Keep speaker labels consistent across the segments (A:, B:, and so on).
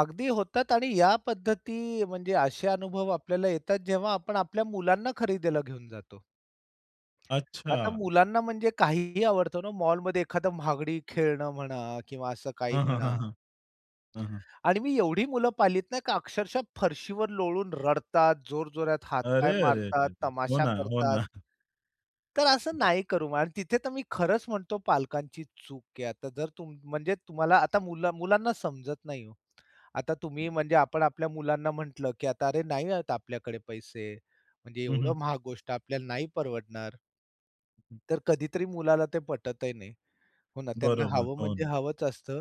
A: अगदी होतात आणि या पद्धती म्हणजे असे अनुभव आपल्याला येतात जेव्हा आपण आपल्या मुलांना खरेदीला घेऊन जातो. आता
B: अच्छा.
A: मुलांना म्हणजे काहीही आवडतं ना मॉलमध्ये. एखादा महागडी खेळणं म्हणा किंवा असं काही
B: हं, हं, हं,
A: म्हणा.
B: हं. हं, हं.
A: आणि मी एवढी मुलं पाहिलीत नाही का अक्षरशः फरशीवर लोळून रडतात, जोरजोरात
B: अरे,
A: हात-पाय
B: अरे रे!
A: मारतात,
B: रे! हो
A: तमाशा
B: ना, हो
A: करतात.
B: ना.
A: तर असं नाही करू आणि तिथे तर मी खरंच म्हणतो पालकांची चूक आहे. आता जर तुम म्हणजे तुम्हाला आता मुला मुलांना समजत नाही ओ. आता तुम्ही म्हणजे आपण आपल्या मुलांना म्हटलं, की "आता अरे नाही आहेत आपल्याकडे पैसे. म्हणजे
B: हं, हं.
A: एवढं महाग गोष्ट आपल्याला नाही परवडणार." तर कधीतरी मुलाला ते पटतही नाही. हो ना, त्यांना
B: बरोबर,
A: हवं
B: हो.
A: म्हणजे हवंच असतं.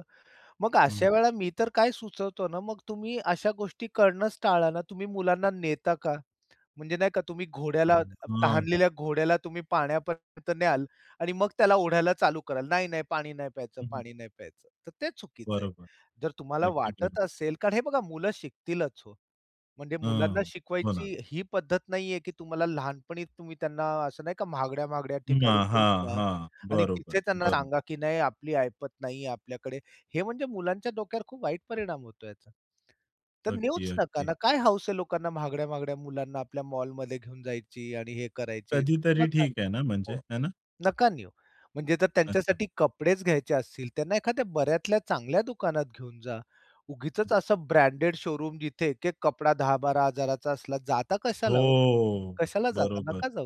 A: मग
B: हं.
A: अशा वेळेला मी तर काय सुचवतो ना मग तुम्ही अशा गोष्टी करणंच टाळा ना. तुम्ही मुलांना नेता का? म्हणजे नाही का तुम्ही घोड्याला
B: हं, हां.
A: तहानलेल्या घोड्याला तुम्ही पाण्यापर्यंत न्याल आणि मग त्याला ओढायला चालू कराल. नाही, नाही पाणी नाही प्यायचं,
B: हं, हं.
A: पाणी नाही प्यायचं. तर ते चुकीचं आहे.
B: बरोबर,
A: जर तुम्हाला
B: अगदी बरोबर.
A: वाटत असेल कारण हे बघा, मुलं शिकतीलच हो. म्हणजे
B: हं,
A: मुलांना
B: हो ना.
A: शिकवायची ही पद्धत नाहीये, की तुम्हाला लहानपणी तुम्ही त्यांना असं नाही का महागड्या-महागड्या ठिकाणी
B: हां,
A: घेऊन
B: हां,
A: जा
B: हां.
A: आणि
B: बरोबर,
A: तिथे त्यांना
B: बरोबर.
A: सांगा, की "नाही आपली ऐपत नाहीये आपल्याकडे." हे म्हणजे मुलांच्या डोक्यावर खूप वाईट परिणाम होतो याचा. तर
B: अगदी,
A: नेऊच नका
B: अगदी.
A: ना. काय हाउस आहे लोकांना महागड्या महागड्या मुलांना आपल्या मॉलमध्ये घेऊन जायची आणि हे करायची.
B: कधीतरी
A: नका
B: ठीक आहे ना,
A: नेऊ
B: म्हणजे
A: हो,
B: आहे ना?
A: नका नेऊ. म्हणजे जर
B: अच्छा.
A: त्यांच्यासाठी कपडेच घ्यायचे असतील त्यांना एखाद्या बऱ्यातल्या चांगल्या दुकानात घेऊन जा. उगीचच असं ब्रँडेड शोरूम जिथे एक एक कपडा 10,000-12,000 चा असला, जाता कशाला हो?
B: हो,
A: कशाला जाता,
B: बरोबर.
A: नका जाऊ.